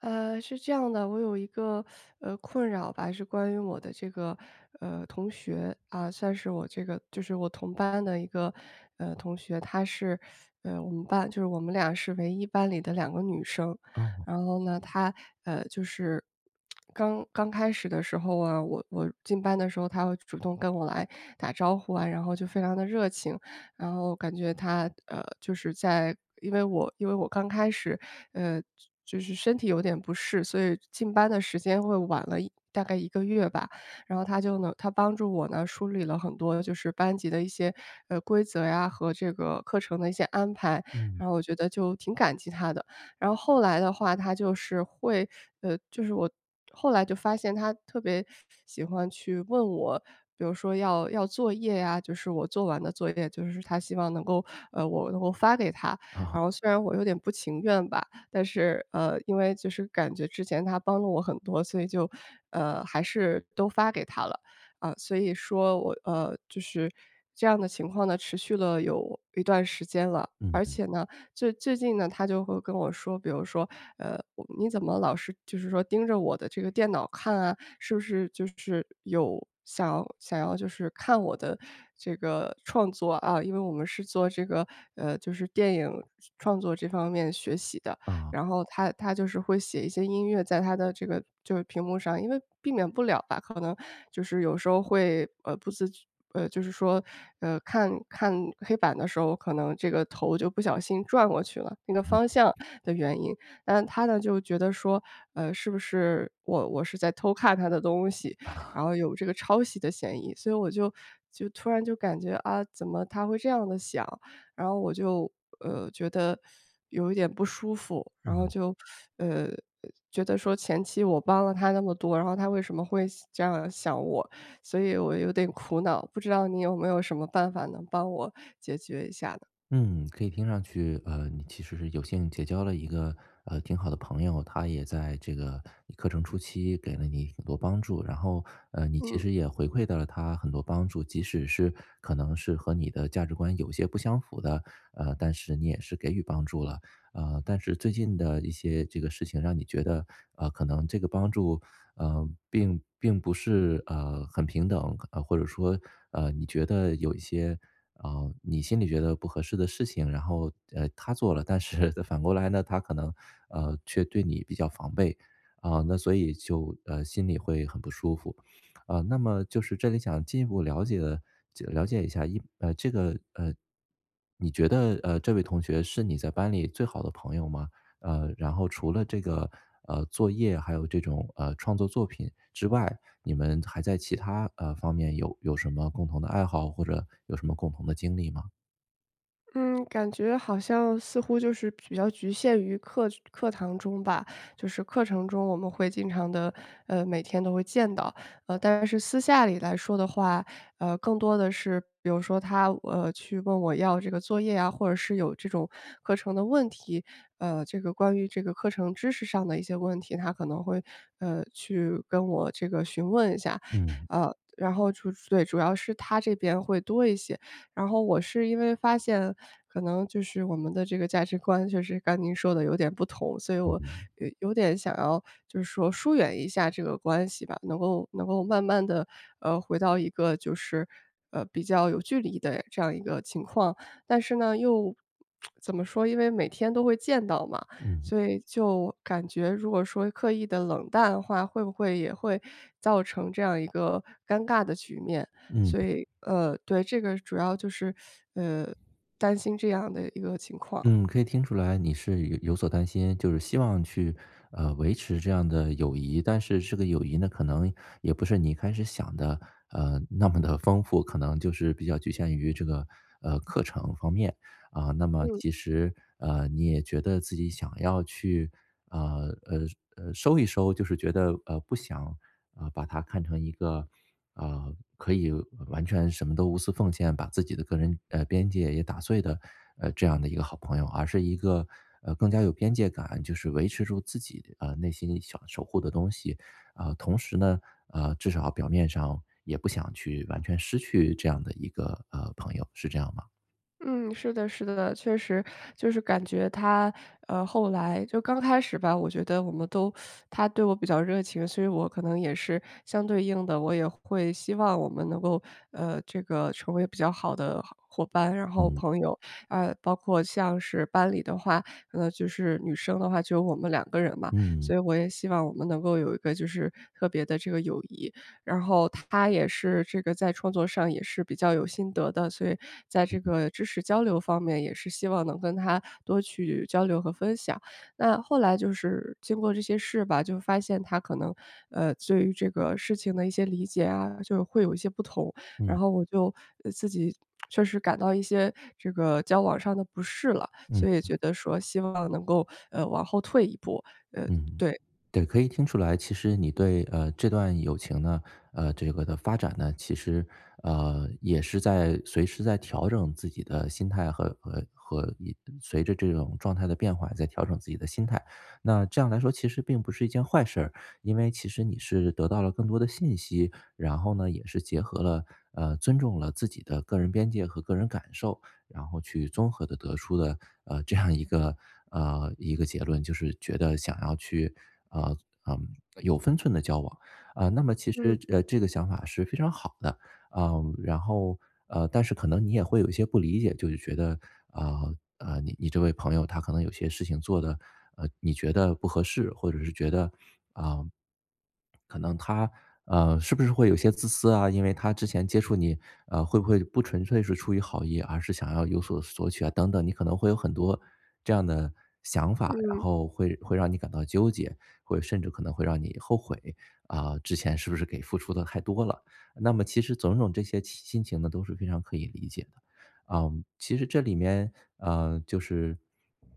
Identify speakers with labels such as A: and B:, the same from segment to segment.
A: 呃，是这样的。我有一个，呃，困扰吧，是关于我的这个，呃，同学，啊，算是我这个就是我同班的一个，呃，同学。她是，呃，我们班就是我们俩是唯一班里的2个女生。
B: 哦。
A: 然后呢，她，呃，就是 刚刚开始的时候啊，我我进班的时候，她会主动跟我来打招呼啊，然后就非常地热情。然后感觉她，呃，就是在因为我因为我刚开始，呃，就是身体有点不适，所以进班的时间会晚了1大概1个月吧。然后她就能她帮助我呢，梳理了很多就是班级的一些，呃，规则呀，和这个课程的一些安排，
B: 嗯。
A: 然后我就挺感激她的。然后后来的话她就是会呃，就是我后来就发现她特别喜欢去问我，比如说要要作业啊，就是我做完的作业，就是她希望能够，呃，我能够发给她。然后
B: 啊。
A: 虽然我有点不情愿吧。但是，呃，因为就是感觉之前她帮了我很多，所以就，呃，还是都发给她了，啊。所以说我呃，就是这样的情况呢，持续了有一段时间了。
B: 嗯
A: 而
B: 嗯。
A: 且呢，最最近呢，她就会跟我说，比如说，呃，你怎么老是就是说盯着我的这个电脑看啊，是不是就是有想想要就是看我的这个创作？啊，因为我们是做这个，呃，就是电影创作这方面学习的，
B: 啊。
A: 然后她她就是会写一些音乐在她的这个就是屏幕上，因为避免不了吧。可能就是有时候会，呃，不自觉呃，就是说，呃，看看黑板的时候，可能这个头就不小心转过去了，那个
B: 嗯。
A: 方向的原因。但她呢，就觉得说，呃，是不是我我是在偷看她的东西，然后有这个抄袭的嫌疑。所以我就就突然就感觉，啊，怎么她会这样地想，然后我就，呃，觉得，有一点不舒服。然后
B: 嗯。
A: 就 呃，觉得说前期我帮了她那么多，然后她为什么会西这样想我？所以我有点苦恼，不知道你有没有什么办法能帮我解决一下呢？
B: 嗯，可以听上去，呃，你其实是有幸结交了一个，呃，挺好的朋友。她也在这个课程初期给了你很多帮助。然后，呃，你其
A: 嗯。
B: 实也回馈到了她很多帮助，即使是可能是和你的价值观有些不相符的，呃，但是你也是给予帮助了。呃，但是最近的一些这个事情让你觉得，呃，可能这个帮助，呃，并并不是，呃，很平等，或者说，呃，你觉得有一些呃，你心里觉得不合适的事情。然后，呃，她做了，但是反过来呢，她可能，呃，却对你比较防备。啊，那所以就，呃，心里会很不舒服。呃，那么就是这里想进一步了解的了解一下，一呃，这个，呃，你觉得，呃，这位同学是你在班里最好的朋友吗？呃，然后除了这个，呃，作业还有这种，呃，创作作品之外，你们还在其他，呃，方面有有什么共同的爱好？或者有什么共同的经历吗？
A: 嗯。感觉好像似乎就是比较局限于课课堂中吧，就是课程中我们会经常地呃，每天都会见到。呃，但是私下里来说的话，呃，更多的是，比如说他，呃，去问我要这个作业啊，或者是有这种课程的问题，呃，这个关于这个课程知识上的一些问题。他可能会，呃，去跟我这个询问一下，
B: 嗯。
A: 呃，然后就对，主要是他这边会多一些。然后我是因为发现，可能就是我们的这个价值观就是刚您说得有点不同，所以
B: 嗯
A: 我
B: 嗯。
A: 有有点想要就是说疏远一下这个关系吧，能够能够慢慢地，呃，回到一个就是，呃，比较有距离的这样一个情况。但是呢，又 怎么说，因为每天都会见到嘛。
B: 嗯。
A: 所以就感觉如果说刻意地冷淡的话，会不会也会造成这样一个尴尬的局面，
B: 嗯。
A: 所以，呃，对，这个主要就是 呃，担心这样的一个情况。
B: 嗯。可以听出来你是有有所担心，就是希望去，呃维持这样的友谊，但是这个友谊呢，可能也不是你一开始想的，呃，那么地丰富。可能就是比较局限于这个，呃，课程方面，啊，那么
A: 嗯。
B: 其实，呃，你也觉得自己想要去，呃呃呃，收一收。就是觉得，呃，不想，呃，把它看成一个，呃，可以完全什么都无私奉献，把自己的个人，呃，边界也打碎的，呃，这样的一个好朋友，而是一个，呃，更加有边界感，就是维持住自己，呃，内心想守护的东西。啊，同时呢，呃，至少表面上也不想去完全失去这样的一个，呃，朋友，是这样吗？
A: 嗯，是的是的，确实。就是感觉她，呃，后来就刚开始吧，我觉得我们都 她对我比较热情，所以我可能也是相对应的，我也会希望我们能够，呃，这个成为比较好的好伙伴，然后朋友。啊，包括像是班里的话，呃，就是女生的话，就有我们2个人嘛。
B: 嗯。
A: 所以我也希望我们能够有一个就是特别的这个友谊。然后她也是这个在创作上也是比较有心得的，所以在
B: 嗯
A: 这
B: 嗯。
A: 个知识交流方面，也是希望能跟她多去交流和分享。那后来，就是经过这些事吧，就发现她可能，呃，对于这个事情的一些理解啊，就是会有一些不同。然
B: 嗯。
A: 后我就呃，自己确实感到一些这个交往上的不适了，所以
B: 嗯。
A: 觉得说希望能够，呃，往后退一步，呃，
B: 嗯，
A: 对。
B: 对，可以听出来，其实你对，呃，这段友情呢呃，这个的发展呢，其实，呃，也是在随时在调整自己的心态，和和和一随着这种状态的变化，在调整自己的心态。那这样来说，其实并不是一件坏事儿，因为其实你是得到了更多的信息。然后呢，也是结合了呃，尊重了自己的个人边界和个人感受，然后去综合地得出了，呃，这样一个，呃，一个结论，就是觉得想要去，呃，嗯，有分寸地交往。啊，那么其实
A: 嗯。
B: 这呃，这个想法是非常好的。呃，然后呃，但是可能你也会有一些不理解。就是觉得，啊，呃，你你这位朋友他可能有些事情做的，呃，你觉得不合适，或者是觉得，啊，可能他，呃，是不是会有些自私啊，因为他之前接触你，呃，会不会不纯粹是出于好意，而是想要有所索取啊，等等，你可能会有很多这样的想法。然
A: 嗯。
B: 后会会让你感到纠结，会甚至可能会让你后悔，啊，之前是不是给付出的太多了。那么其实种种这些期心情呢，都是非常可以理解的。啊，其实这里面，啊，就是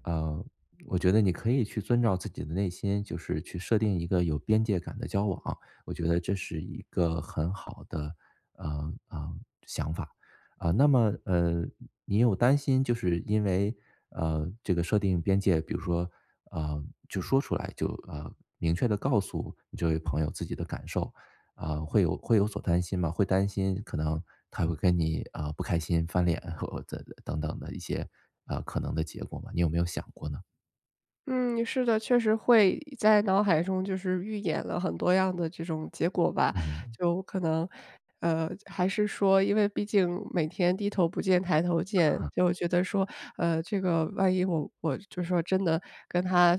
B: 呃，我觉得你可以去遵照自己的内心，就是去设定一个有边界感的交往，我觉得这是一个很好的，呃，呃，想法。呃，那么，呃，你有担心就是因为，呃，这个设定边界，比如说，呃，就说出来，就呃，明确地告诉你这位朋友自己的感受，啊，会有会有所担心吗？会担心可能他会跟你，呃，不开心、翻脸或这等等的一些，呃，可能的结果吗？你有没有想过呢？
A: 嗯，是的，确实会在脑海中，就是预演了很多样的这种结果吧。
B: 嗯。
A: 就可能呃，还是说因为毕竟每天低头不见抬头见，
B: 呃。
A: 就觉得说，呃，这个万一我我就说真的跟他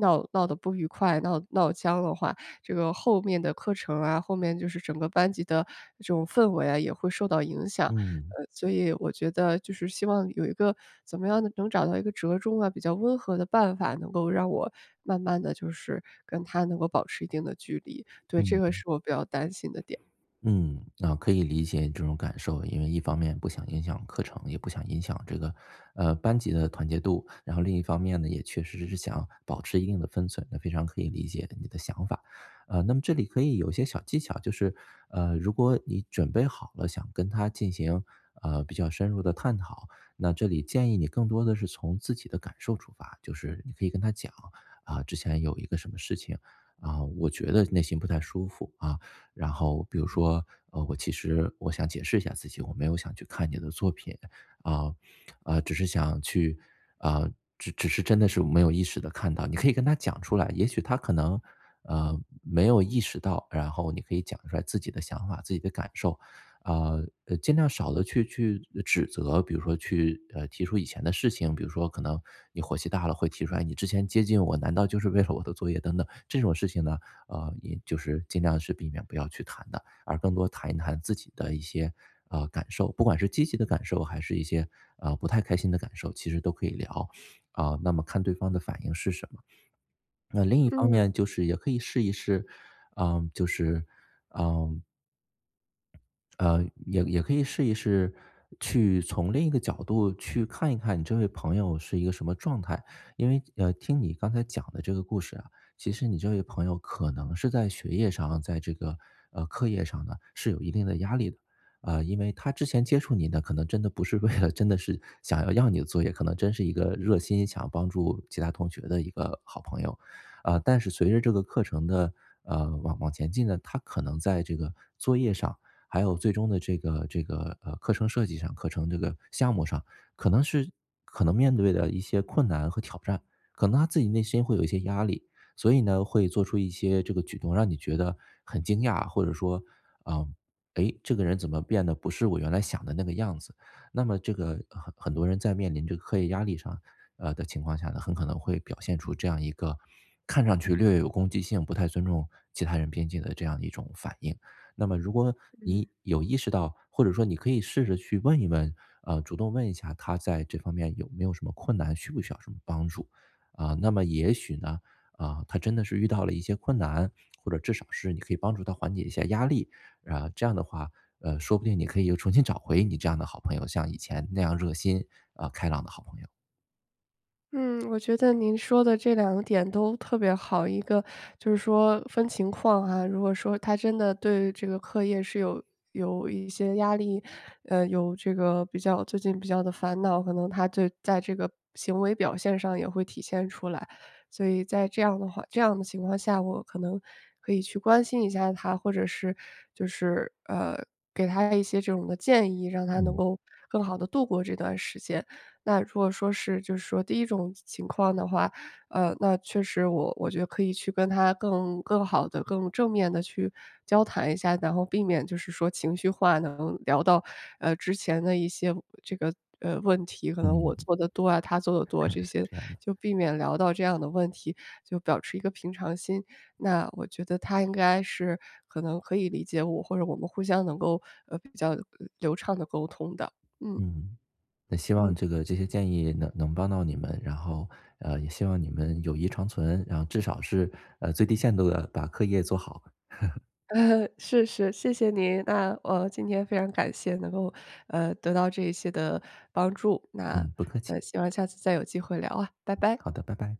A: 闹闹得不愉快，闹闹僵了话。这个后面的课程啊，后面就是整个班级的这种氛围啊，也会受到影响。
B: 嗯。
A: 呃，所以我觉得就是希望有一个怎么样的能找到一个折中啊，比较温和的办法，能够让我慢慢地，就是跟他能够保持一定的距离。对，这个
B: 嗯。
A: 是我比较担心的点。
B: 嗯，啊，可以理解你这种感受。因为一方面不想影响课程，也不想影响这个，呃，班级的团结度。然后另一方面呢，也确实是想保持一定的分寸，那非常可以理解你的想法。啊，那么这里可以有一些小技巧，就是，呃，如果你准备好了想跟他进行，呃，比较深入的探讨。那这里建议你更多的是从自己的感受出发，就是你可以跟他讲，啊，之前有一个什么事情，啊，我觉得内心不太舒服啊。然后比如说我其实我想解释一下自己，我没有想去看你的作品，啊啊，只是想去啊，只只是真的是没有意识地看到。你可以跟他讲出来，也许他可能，呃，没有意识到，然后你可以讲出来自己的想法、自己的感受。啊，呃，尽量少地去去指责，比如说去，呃，提出以前的事情，比如说可能你火气大了会提出来你之前接近我，难道就是为了我的作业等等。这种事情呢，呃，也就是尽量是避免不要去谈的，而更多谈一谈自己的一些，呃，感受。不管是积极的感受还是一些，呃，不太开心的感受，其实都可以聊。啊，那么看对方的反应是什么？那另一方
A: 嗯。
B: 面就是也可以试一试嗯，就是嗯呃，也也可以试一试去从另一个角度去看一看你这位朋友是一个什么状态。因为，呃，听你刚才讲的这个故事啊，其实你这位朋友可能是在学业上，在这个，呃，课业上呢，是有一定的压力的，呃，因为他之前接触您呢，可能真的不是为了真的是想要要你的作业，可能真是一个热心想帮助其他同学的一个好朋友。呃，但是随着这个课程的，呃，往往前进呢，他可能在这个作业上，还有最终的这个这个，呃，课程设计上，课程这个项目上，可能是可能面对的一些困难和挑战，可能他自己内心会有一些压力，所以呢，会做出一些这个举动，让你觉得很惊讶，或者说：“呃，诶，这个人怎么变得不是我原来想的那个样子？”那么这个很很多人在面临这个课业压力上呃，的情况下呢，很可能会表现出这样一个看上去略有攻击性，不太尊重其他人边界的这样的一种反应。那么如果
A: 嗯。
B: 你有意识到或者说你可以试着去问一问，呃，主动问一下他在这方面有没有什么困难，需不需要什么帮助。啊，那么也许呢，啊，他真的是遇到了一些困难，或者至少是你可以帮助他缓解一下压力，啊，这样的话，呃，说不定你可以又重新找回你这样的好朋友，像以前那样热心，啊，开朗的好朋友。
A: 嗯，我觉得您说的这2点都特别好，一个就是说分情况啊，如果说他真的对这个课业是有有一些压力，呃，有这个比较最近比较的烦恼，可能他就在这个行为表现上也会体现出来。所以在这样的话这样的情况下，我可能可以去关心一下他，或者是就是，呃，给他一些这种的建议，让他能
B: 嗯。
A: 够更好地度过这段时间。那如果说是就是说第一种情情况的话，呃，那确实我我觉得可以去跟他更更好地、更正面地去交谈一下，然后避免就是说情绪化能聊到，呃，之前的一些这个，呃，问题，可能我
B: 嗯。
A: 做得多啊，他做得多，
B: 哈
A: 这
B: 是
A: 些，
B: 这样的。
A: 就避免聊到这样的问题，就保持一个平常心。那我觉得他应该是可能可以理解我，或者我们互相能够，呃，比较流畅地沟通的。嗯。
B: 嗯，那希望
A: 嗯。
B: 这个这些建议能能帮到你们，然后，呃，也希望你们友谊长存，然后至少是，呃，最低限度地把课业做好。
A: 是是，谢谢您，那我今天非常感谢能够，呃，得到这一些的帮助，那，
B: 嗯，不客气。
A: 呃，希望下次再有机会聊啊，拜
B: 嗯，
A: 拜。
B: 好的，拜拜。